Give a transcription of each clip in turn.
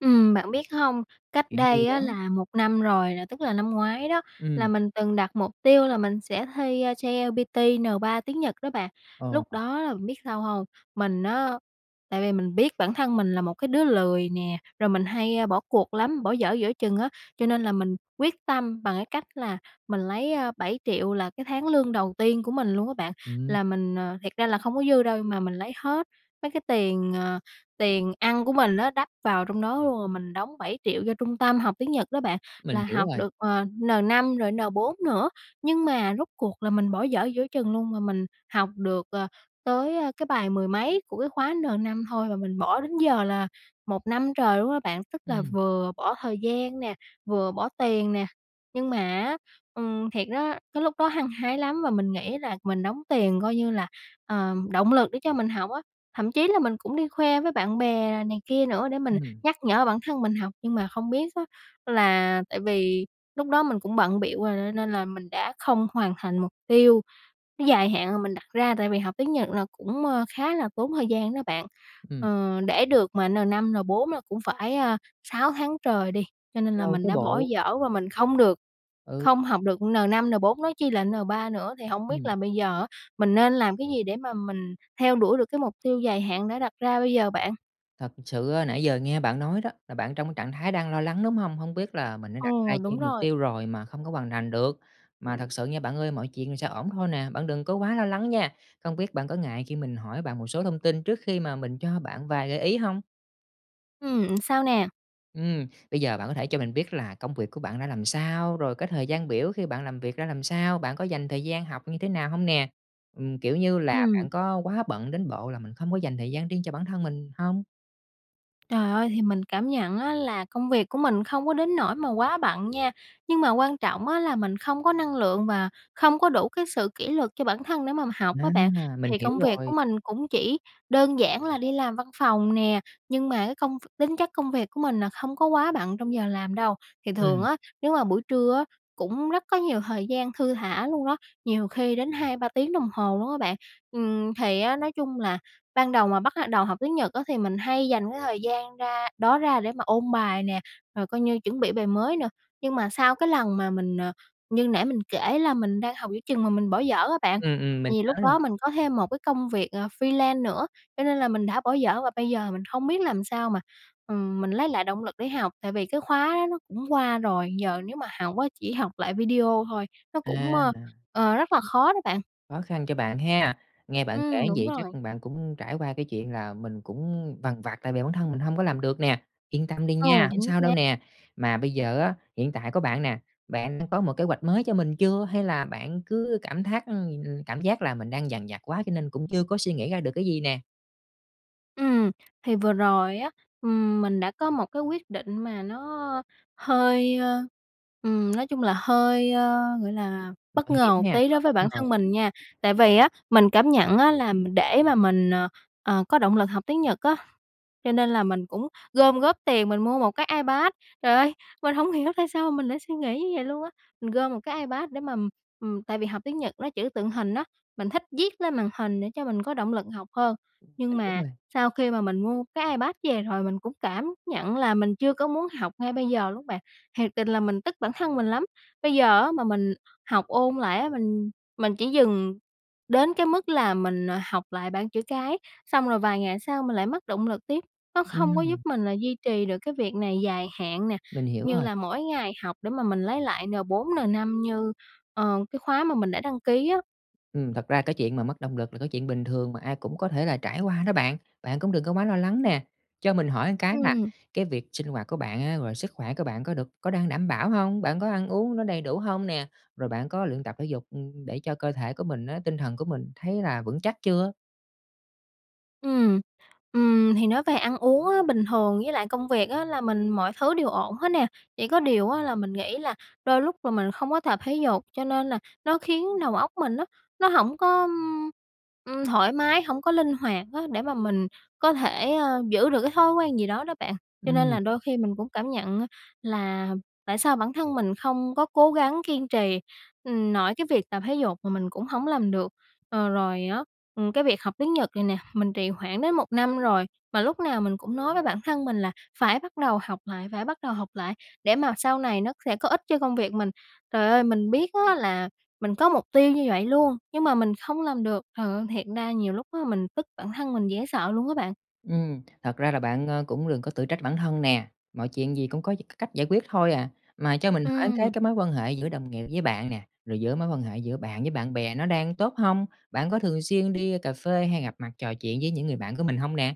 Ừm, bạn biết hông, cách Chuyện gì đây đó? á là 1 năm rồi nè, tức là năm ngoái đó, là Ừm. mình từng đặt mục tiêu là mình sẽ thi JLPT, N3 tiếng Nhật đó bạn. Ờ, Lúc ờ. đó bạn biết sao hông, mình á, tại vì mình biết bản thân mình là một cái đứa lười nè, rồi mình hay, a, bỏ cuộc lắm, bỏ dở giữa chừng á. Cho [unintelligible] nên là mình quyết tâm bằng cái cách là mình lấy, a, 7.000.000 là cái tháng lương đầu tiên của mình luôn á bạn, Ừm. là mình ờ, thiệt ra là không có dư đâu nhưng mà mình lấy hết mấy cái tiền, ờ, tiền ăn của mình á đắp vào trong đó luôn, rồi mình đóng 7.000.000 cho trung tâm học tiếng Nhật đó bạn. Mình Là hiểu học rồi. được, ờ, N5 rồi N4 nữa, nhưng mà rốt cuộc là mình bỏ dở giữa chừng luôn, mà mình học được, ờ, tới, a, cái bài mười mấy của cái khóa N5 thôi và mình bỏ đến giờ là 1 năm trời luôn á bạn. Tức là Ừm. vừa bỏ thời gian nè, vừa bỏ tiền nè, nhưng mà á, ừm, thiệt đó, cái lúc đó hăng hái lắm và mình nghĩ là mình đóng tiền coi như là, ờ, động lực để cho mình học á. Thậm chí là mình cũng đi khoe với bạn bè này kia nữa để mình Ừm. nhắc nhở bản thân mình học, nhưng mà không biết á là tại vì lúc đó mình cũng bận bịu rồi, nên nên là mình đã không hoàn thành mục tiêu dài hạn mà mình đặt ra, tại vì học tiếng Nhật là cũng, ơ, khá là tốn thời gian đó bạn. Ừm. Ờ, để được mà N5, N4 là cũng phải, a, 6 tháng trời đi, cho nên là Lâu mình chớ đã bỏ bộ. dở và mình không được Ừ. không học được N5, N4, nói chi là N3 nữa. Thì hổng biết Ừm. là bây giờ á, mình nên làm cái gì để mà mình theo đuổi được cái mục tiêu dài hạn đã đặt ra bây giờ bạn? Thật sự á, nãy giờ nghe bạn nói đó, là bạn trong cái trạng thái đang lo lắng, đúng hông? Hông biết là mình đã Ừ, đặt ra đúng chen mục rồi. tiêu rồi mà không có hoàn thành được. Mà thật sự nha bạn ơi, mọi chuyện rồi sẽ ổn thôi nè, bạn đừng có quá lo lắng nha. Không biết bạn có ngại khi mình hỏi bạn một số thông tin trước khi mà mình cho bạn vài gợi ý hông? Ừm, sao nè? Ừm. Bây giờ bạn có thể cho mình biết là công việc của bạn ra làm sao, rồi cái thời gian biểu khi bạn làm việc ra làm sao, bạn có dành thời gian học như thế nào hông nè? Ừm, kiểu như là, Ừm. bạn có quá bận đến bộ là mình hông có dành thời gian riêng cho bản thân mình hông? Trời ơi, thì mình cảm nhận á là công việc của mình không có đến nỗi mà quá bận nha, nhưng mà quan trọng á là mình không có năng lượng và không có đủ cái sự kỉ luật cho bản thân để mà học á Ná bạn. à, mình Thì hiểu công việc của rồi. mình cũng chỉ đơn giản là đi làm văn phòng nè, nhưng mà cái công v tính chất công việc của mình nà không có quá bận trong giờ làm đâu, thì thường Ừm. á nếu mà buổi trưa á cũng rất có nhiều thời gian thư thả luôn đó, nhiều khi đến 2-3 tiếng đồng hồ luôn á bạn. Ừm, thì á, nói chung là ban đầu mà bắt lại đầu học tiếng Nhật á thì mình hay dành cái thời gian ra đó ra để mà ôn bài nè, rồi coi như chuẩn bị bài mới nữa, nhưng mà sau cái lần mà mình, ờ, như nãy mình kể là mình đang học giữa chừng mà mình bỏ dở á bạn, Ừm, ừm, mình vì nhớ lúc đó rồi. mình có thêm một cái công việc ờ freelance nữa, cho nên là mình đã bỏ dở và bây giờ mình không biết làm sao mà, ừm, mình lấy lại động lực để học, tại vì cái khóa đó nó cũng qua rồi, giờ nếu mà học á chỉ học lại video thôi, nó À, cũng, ơ, là ờ, rất là khó đó bạn. Khó khăn cho bạn ha, nghe bạn Ừm, kể như đúng vậy chắc rồi. là bạn cũng trải qua cái chuyện là mình cũng vằn vặt tại vì bản thân mình hông có làm được nè, yên tâm đi Ừ, nha, hổng chính sao đâu xác. nè. Mà bây giờ á hiện tại có bạn nè, bạn đã có một kế hoạch mới cho mình chưa, hay là bạn cứ cảm thác ừm, cảm giác là mình đang dằn vặt quá cho nên cũng chưa có suy nghĩ ra được cái gì nè? Ừm, thì vừa rồi á, ừm, mình đã có một cái quyết định mà nó hơi, ơ, ừm, nói chung là hơi, ơ, gọi là, Mạo bất hiểm ngờ một nha, tí và đối với bất bản ngờ. thân mình nha, tại vì á, mình cảm nhận á là m để mà mình, ờ, ờ, có động lực học tiếng Nhật á, cho nên là mình cũng gom góp tiền mình mua 1 cái Ipad, trời ơi, mình hổng hiểu tại sao mình lại suy nghĩ như vậy luôn á. Mình gom 1 cái ipad để mà, ừm, tại vì học tiếng Nhật nó chữ tượng hình á, mình thích viết lên màn hình để cho mình có động lực học hơn, À, nhưng đúng mà rồi. sau khi mà mình mua cái Ipad về rồi mình cũng cảm nhận là mình chưa có muốn học ngay bây giờ luôn bạn, thiệt tình là mình tức bản thân mình lắm. Bây giờ á mà mình học ôn lại á mình mình chỉ dừng đến cái mức là mình học lại bảng chữ cái, xong rồi vài ngày sau mình lại mất động lực tiếp, nó không có giúp Ừm. mình là duy trì được cái việc này dài hạn nè, Mình hiểu như rồi. là mỗi ngày học để mà mình lấy lại N4 N5 như, ờ, cái khóa mà mình đã đăng ký á. Ừm, thật ra cái chuyện mà mất động lực là cái chuyện bình thường mà ai cũng có thể là trải qua đó bạn, bạn cũng đừng có quá lo lắng nè. Cho mình hỏi một cái là, Ừm. cái việc sinh hoạt của bạn á, rồi sức khỏe của bạn có được có đang đảm bảo hông? Bạn có ăn uống nó đầy đủ hông nè, rồi bạn có luyện tập thể dục, ưm, để cho cơ thể của mình á, tinh thần của mình thấy là vững chắc chưa? Ừm, ừm, thì nói về ăn uống á bình thường với lại công việc á là mình mọi thứ đều ổn hết nè, chỉ có điều á là mình nghĩ là đôi lúc là mình không có tập thể dục, cho nên là nó khiến đầu óc mình á nó hổng có, ưm, ừm, thoải mái, hổng có linh hoạt á để mà mình có thể, ờ, giữ được cái thói quen gì đó đó bạn. Cho nên Ừm. là đôi khi mình cũng cảm nhận á, là tại sao bản thân mình không có cố gắng kiên trì, ừm, nội cái việc tập thể dục mà mình cũng hổng làm được. Ờ, rồi á, ừm, cái việc học tiếng Nhật này nè mình trì hoãn đến 1 năm rồi, mà lúc nào mình cũng nói với bản thân mình là phải bắt đầu học lại, phải bắt đầu học lại, để mà sau này nó sẽ có ích cho công việc mình. Trời ơi, mình biết á là mình có mục tiêu như vậy luôn, nhưng mà mình không làm được, trời ơi, thiệt ra nhiều lúc á mình tức bản thân mình dễ sợ luôn á bạn. Ừm, thật ra là bạn, ờ, cũng đừng có tự trách bản thân nè, mọi chuyện gì cũng có d c cách giải quyết thôi à. Mà cho mình hỏi cái, Ừm. cái mối quan hệ giữa đồng nghiệp với bạn nè, rồi giữa mối quan hệ giữa bạn với bạn bè nó đang tốt hông? Bạn có thường xuyên đi cà phê, hay gặp mặt trò chuyện với những người bạn của mình hông nè?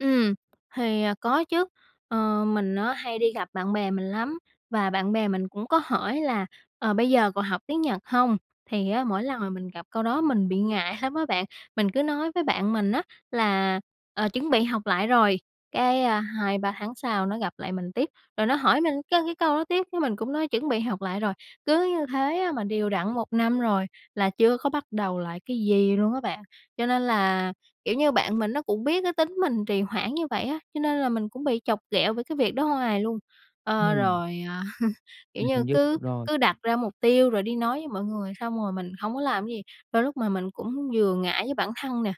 Ừm, thì, à, có chứ. Ờ, mình á hay đi gặp bạn bè mình lắm và bạn bè mình cũng có hỏi là "Ờ, bây giờ còn học tiếng Nhật hông?". Thì Ừm. á, mỗi lần mà mình gặp câu đó mình bị ngại lắm á bạn. Mình cứ nói với bạn mình á là "Ờ, chuẩn bị học lại rồi", cái, a, 2-3 tháng sau nó gặp lại mình tiếp, rồi nó hỏi mình cái cái câu đó tiếp, cái mình cũng nói: "Chuẩn bị học rồi". Cứ như thế á mà đều đặn 1 năm rồi, là chưa có bắt đầu lại cái gì luôn á bạn. Cho nên là, kiểu như, bạn mình nó cũng biết cái tính mình trì hoãn như vậy á, cho nên là mình cũng bị chọc ghẹo về cái việc đó hoài luôn. Ờ, Ừm. rồi, à, kiểu Mình như, hình dung được cứ rồi. cứ đặt ra mục tiêu, rồi đi nói với mọi người xong rồi mình hông có làm cái gì, đôi lúc mà mình cũng vừa ngại với bản thân nè,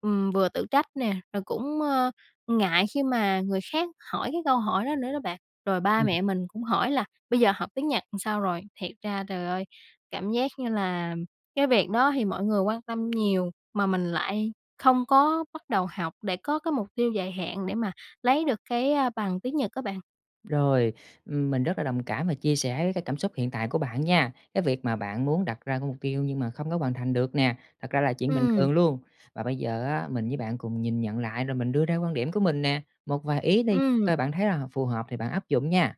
ừm, vừa tự trách nè, rồi cũng, ơ, ngại khi mà người khác hỏi cái câu hỏi đó nữa đó bạn. Rồi ba Ừm. mẹ mình cũng hỏi là "Bây giờ học tiếng Nhật sao rồi?", thiệt ra, trời ơi, cảm giác như là cái việc đó thì mọi người quan tâm nhiều, mà mình lại không có bắt đầu học để có cái mục tiêu dài hạn, để mà lấy được cái, a, bằng tiếng Nhật á bạn. Rồi. Ừm, mình rất là đồng cảm và chia sẻ với cái cảm xúc hiện tại của bạn nha. Cái việc mà bạn muốn đặt ra cái mục tiêu nhưng mà không có hoàn thành được nè, thật ra là chuyện bình Ừm. thường luôn. Và bây giờ á, mình với bạn cùng nhìn nhận lại, rồi mình đưa ra quan điểm của mình nè. Một vài ý đi, Ừm. coi bạn thấy là h phù hợp thì bạn áp dụng nha.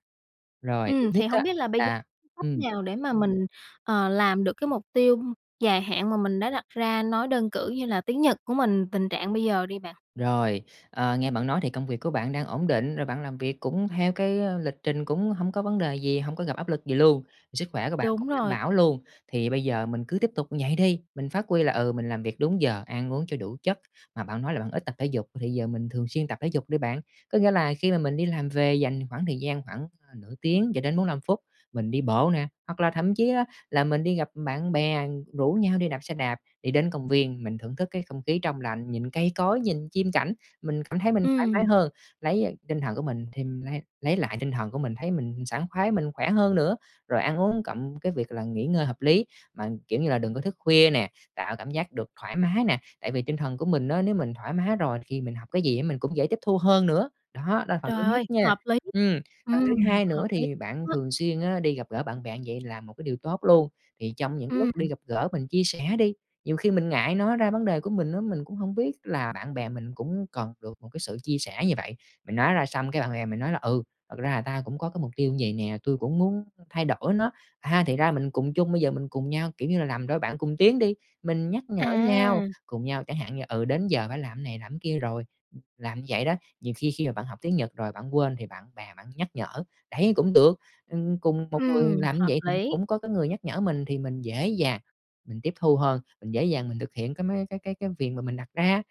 Rồi, thứ Ừm. nhất Thì á hông biết là bây giờ là cách ừm. nào để mà mình, ờ, làm được cái mục tiêu dài hạn mà mình đã đặt ra, nói đơn cử như là tiếng Nhật của mình, tình trạng bây giờ đi bạn? Rồi. Ờ, nghe bạn nói thì công việc của bạn đang ổn định, rồi bạn làm việc cũng theo cái, á, lịch trình cũng hông có vấn đề gì, hông có gặp áp lực gì luôn, sức khỏe của bạn cũng Đúng đảm rồi. bảo luôn. Thì bây giờ mình cứ tiếp tục như vậy đi, mình phát huy là, ừ, mình làm việc đúng giờ, ăn uống cho đủ chất. Mà bạn nói là bạn ít tập thể dục, thì giờ mình thường xuyên tập thể dục đi bạn. Có nghĩa là khi mà mình đi làm về, dành khoảng thời gian khoảng nửa tiếng cho đến 45 phút, mình đi bộ nè, hoặc là thậm chí á là mình đi gặp bạn bè, rủ nhau đi đạp xe đạp, đi đến công viên, mình thưởng thức cái không khí trong lành, nhìn cây cối, nhìn chim cảnh. Mình cảm thấy mình thoải mái Ừm. hơn, lấy á tinh thần của mình thì mình lấy lấy lại tinh thần của mình, thấy mình sảng khoái, mình khỏe hơn nữa, rồi ăn uống cộng cái việc là nghỉ ngơi hợp lý, mà, kiểu như là, đừng có thức khuya nè, tạo cảm giác được thoải mái nè. Tại vì tinh thần của mình á nếu mình thoải mái rồi thì mình học cái gì mình cũng dễ tiếp thu hơn nữa. Đó, đó là phần thứ Trời nhất ơi! nha. Hợp lý! Ừm, phần thứ Ừm, hai nữa hợp lý thì bạn đó! thường xuyên á đi gặp gỡ bạn bè như vậy là một cái điều tốt luôn. Thì trong những Ừm. lúc đi gặp gỡ, mình chia sẻ đi. Nhiều khi mình ngại nói ra vấn đề của mình á, mình cũng hông biết là bạn bè mình cũng cần được một cái sự chia sẻ như vậy. Mình nói ra xong, cái bạn bè mình nói là "Ừ, thật ra là tao cũng có cái mục tiêu vầy nè. Tui cũng muốn thay đổi nó." A, thì ra mình cùng chung, bây giờ mình cùng nhau, kiểu như là, làm đôi bạn cùng tiến đi. Mình nhắc nhở nhau, À! cùng nhau chẳng hạn như, ừ, đến giờ phải làm cái này, làm cái kia rồi, ừm, làm như vậy đó. Nhiều khi khi mà bạn học tiếng Nhật rồi bạn quên thì bạn bè bạn nhắc nhở, đấy, cũng được. Ừm, cùng một người Ừm. làm như Hợp vậy thì lý! cũng có cái người nhắc nhở mình, thì mình dễ dàng, mình tiếp thu hơn. Mình dễ dàng mình thực hiện cái mấy cái cái cái việc mà mình đặt ra.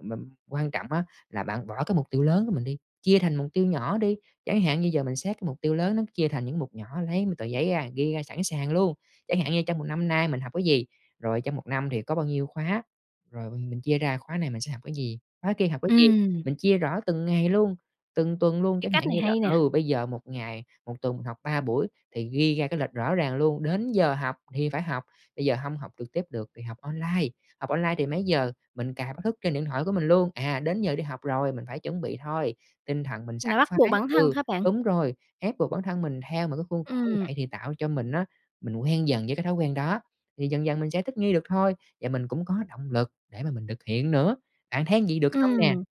Mà quan trọng á là bạn bỏ cái mục tiêu lớn của mình đi, chia thành mục tiêu nhỏ đi. Chẳng hạn như giờ mình xét cái mục tiêu lớn nó chia thành những mục nhỏ, lấy một tờ giấy ra, ghi ra sẵn sàng luôn. Chẳng hạn như trong một năm nay mình học cái gì? Rồi trong một năm thì có bao nhiêu khóa? Rồi mình mình chia ra khóa này mình sẽ học cái gì, khóa kia học cái gì? Ừm. Mình chia rõ từng ngày luôn, từng tuần luôn. Cái Chẳng cách hạn như này là, hay nè. ừ, bây giờ 1 ngày, 1 tuần mình học 3 buổi thì ghi ra cái lịch rõ ràng luôn. Đến giờ học thì phải học. Bây giờ hông học trực tiếp được thì học online. Học online thì mấy giờ mình cài báo thức trên điện thoại của mình luôn. À, đến giờ đi học rồi, mình phải chuẩn bị thôi, tinh thần mình Là sảng bắt khoái buộc bản thân ừ, hả bạn? đúng rồi. Ép buộc bản thân mình theo một cái khuôn khổ như Ừm. vậy thì tạo cho mình á mình quen dần với cái thói quen đó, thì dần dần mình sẽ thích nghi được thôi. Và mình cũng có động lực để mà mình thực hiện nữa. Bạn thấy như vậy được không nè? Ừm.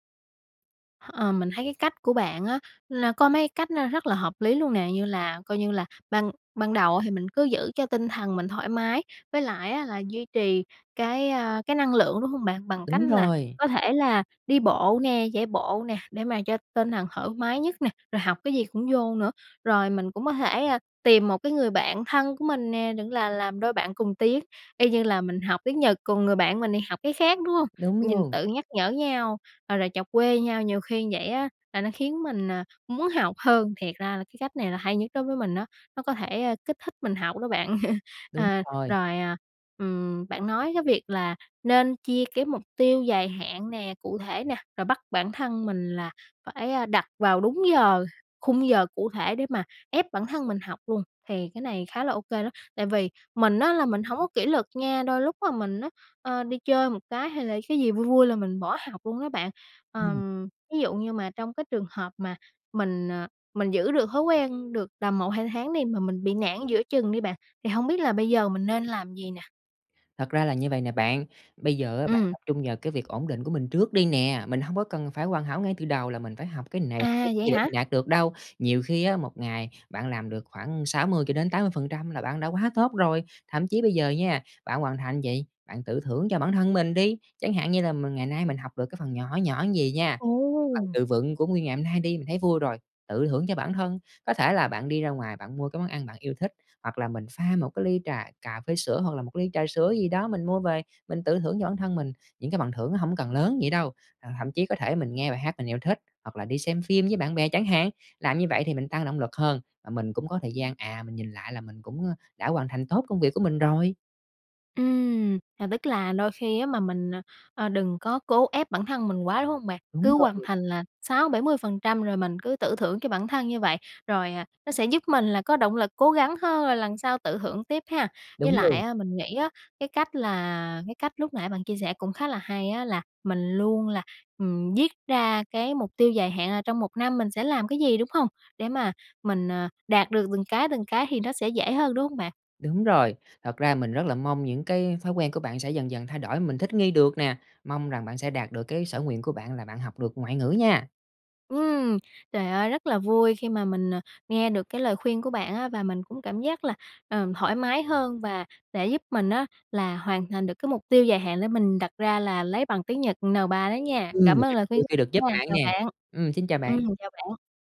H ờ, mình thấy cái cách của bạn á là có mấy cách nó rất là hợp lý luôn nè, như là coi như là ban ban đầu á thì mình cứ giữ cho tinh thần mình thoải mái, với lại á là duy trì cái, a, cái năng lượng, đúng hông bạn? Bằng cách Đúng là rồi. có thể là đi bộ nè, chạy bộ nè, để mà cho tinh thần thoải mái nhất nè, rồi học cái gì cũng vô nữa. Rồi mình cũng có thể, ơ, tìm 1 cái người bạn thân của mình nè, đừng là làm đôi bạn cùng tiến y như là mình học tiếng Nhật, còn người bạn mình thì học cái khác, đúng hông? Đúng Nhìn luôn. tự nhắc nhở nhau, rồi là chọc quê nhau, nhiều khi như vậy á là nó khiến mình, à, muốn học hơn. Thiệt ra là cái cách này là hay nhất đối với mình á, nó có thể, ơ, kích thích mình học đó bạn. Đúng À, rồi. rồi, à, ừm, bạn nói cái việc là nên chia cái mục tiêu dài hạn nè, cụ thể nè, rồi bắt bản thân mình là phải, a, đặt vào đúng giờ, khung giờ cụ thể để mà ép bản thân mình học luôn, thì cái này khá là ô kê đó. Tại vì mình á là mình hổng có kỷ luật nha, đôi lúc á mình á, ơ, đi chơi một cái, hay là cái gì vui vui là mình bỏ học luôn á bạn. Ừm. Ờm, ví dụ như mà trong cái trường hợp mà mình, ờ, mình giữ được thói quen được tầm 1-2 tháng đi mà mình bị nản giữa chừng đi bạn, thì hông biết là bây giờ mình nên làm gì nè? Thật ra là như vầy nè bạn, bây giờ á bạn Ừm. tập trung vào cái việc ổn định của mình trước đi nè, mình hông có cần phải hoàn hảo ngay từ đầu là mình phải học cái này, học cái À, vậy kia để hả? mình đạt được đâu. Nhiều khi á, một ngày bạn làm được khoảng 60-80% là bạn đã quá tốt rồi! Thậm chí bây giờ nha, bạn hoàn thành gì, bạn tự thưởng cho bản thân mình đi! Chẳng hạn như là mình ngày nay mình học được cái phần nhỏ nhỏ vầy nha, cái phần Ồ. từ vựng của nguyên ngày hôm nay đi mình thấy vui rồi, tự thưởng cho bản thân. Có thể là bạn đi ra ngoài, bạn mua cái món ăn bạn yêu thích, hoặc là mình pha một cái ly trà cà phê sữa, hoặc là một cái ly trà sữa gì đó mình mua về mình tự thưởng cho bản thân mình, những cái phần thưởng nó hổng cần lớn vậy đâu. Ờ, thậm chí có thể mình nghe bài hát mình yêu thích, hoặc là đi xem phim với bạn bè chẳng hạn, làm như vậy thì mình tăng động lực hơn, và mình cũng có thời gian, à, mình nhìn lại là mình cũng, ơ, đã hoàn thành tốt công việc của mình rồi. Ừm. À, tức là đôi khi á mà mình, à, đừng có cố ép bản thân mình quá, đúng hông bạn? Đúng Cứ hoàn rồi. thành là 60-70% rồi mình cứ tự thưởng cho bản thân như vậy, rồi, à, nó sẽ giúp mình là có động lực cố gắng hơn rồi lần sau tự thưởng tiếp ha. Với Đúng lại luôn. á, mình nghĩ á cái cách là cái cách lúc nãy bạn chia sẻ cũng khá là hay á là, mình luôn là, ừm, viết ra cái mục tiêu dài hạn là trong một năm mình sẽ làm cái gì, đúng hông? Để mà mình, ờ, đạt được từng cái từng cái thì nó sẽ dễ hơn, đúng hông bạn? Đúng rồi. Thật ra mình rất là mong những cái thói quen của bạn sẽ dần dần thay đổi, mình thích nghi được nè! Mong rằng bạn sẽ đạt được cái sở nguyện của bạn là bạn học được ngoại ngữ nha! Ừm. Trời ơi rất là vui khi mà mình, à, nghe được cái lời khuyên của bạn á và mình cũng cảm giác là, ờ, thoải mái hơn và để giúp mình á là hoàn thành được cái mục tiêu dài hạn để mình đặt ra là lấy bằng tiếng Nhật N3 đó nha. Ừm, Cảm mình ơn rất lời là vui khuyên khi được [unintelligible] giúp nha, bạn chào nè. bạn. Ừm, xin chào bạn. Ừm, chào bạn.